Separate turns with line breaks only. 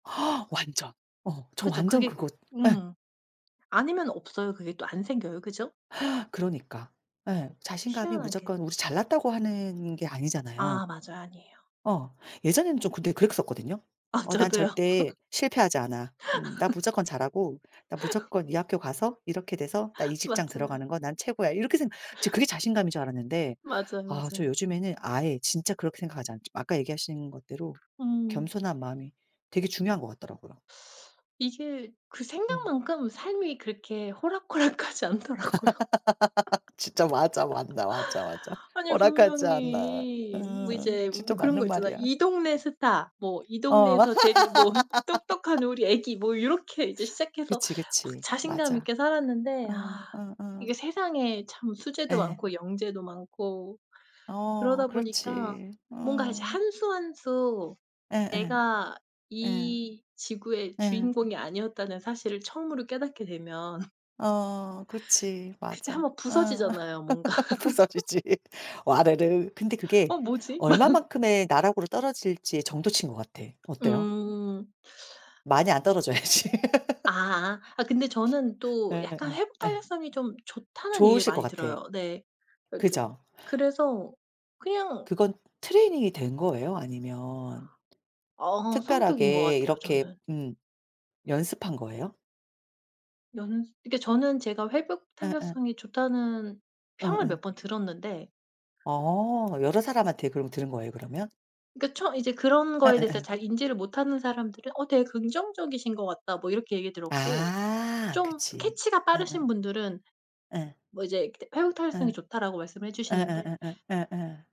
완전. 어 저
그죠
완전
그게
그거 예.
음. 아니면 없어요. 그게 또 안 생겨요. 그죠?
그러니까. 예. 자신감이
희한하게.
무조건 우리 잘났다고 하는 게 아니잖아요.
아 맞아요. 아니에요.
어. 예전에는 좀 근데 그랬었거든요.
아
'어 난
저도요.
절대 실패하지 않아. 음 나 무조건 잘하고 나 무조건 이 학교 가서 이렇게 돼서 나 이 직장
맞아요.
들어가는 거 난 최고야.' 이렇게 생각 저 그게 자신감인 줄 알았는데
맞아요,
아 저
맞아요.
요즘에는 아예 진짜 그렇게 생각하지 않죠. 아까 얘기하신 것대로
음.
겸손한 마음이 되게 중요한 것 같더라고요.
이게 그
음.
생각만큼 삶이 그렇게 호락호락하지 않더라고요.
진짜 맞아 맞나 맞아, 맞아.
아니
호락하지 않아.
분명히 뭐
음
이제
진짜
뭐 그런 거
맞는
있잖아.
말이야.
이 동네 스타 뭐 이
어.
동네에서 제일 뭐 똑똑한 우리 아기 뭐 요렇게 이제 시작해서
그치,
막
그치.
자신감
맞아.
있게 살았는데
응
아
응응.
이게 세상에 참 수재도
예.
많고 영재도 많고
어
그러다 보니까
그렇지.
뭔가 이제
응.
한 수 한 수
예예.
내가
예.
이 지구의
예.
주인공이 아니었다는 사실을 처음으로 깨닫게 되면
어 그렇지.
그때 1
맞아.
번
응.
부서지잖아요 뭔가.
부서지지. 와르르. 근데 그게
'어 뭐지?' 막
얼마만큼의 나락으로 떨어질지의 정도 치인 것 같아. 어때요?
음.
많이 안 떨어져야지.
아 아 근데 저는 또 약간
예예
회복
예.
탄력성이 좀 좋다는 얘기를
좋으실 것
많이
같아.
들어요. 네. 그 좀
그죠?
그래서 그냥
그건 트레이닝이 된 거예요? 아니면
어 성격인 것
특별하게
같아요
이렇게
저는.
음 연습한 거예요?
연습 그니까 저는 제가 회복
응응.
탄력성이 좋다는 평을 몇
어어.
번 들었는데
어 여러 사람한테 그럼 들은 거예요, 그러면?
그니까 처음 이제 그런 거에 대해서
예예예.
잘 인지를 못하는 사람들은 "어 되게 긍정적이신 것 같다." 뭐 이렇게 얘기 들었고
아
좀
그치.
캐치가 빠르신
응응.
분들은
예.
뭐 이제 "회복 탄력성이
예.
좋다."라고 말씀을 해 주시는데
예예예예 예예.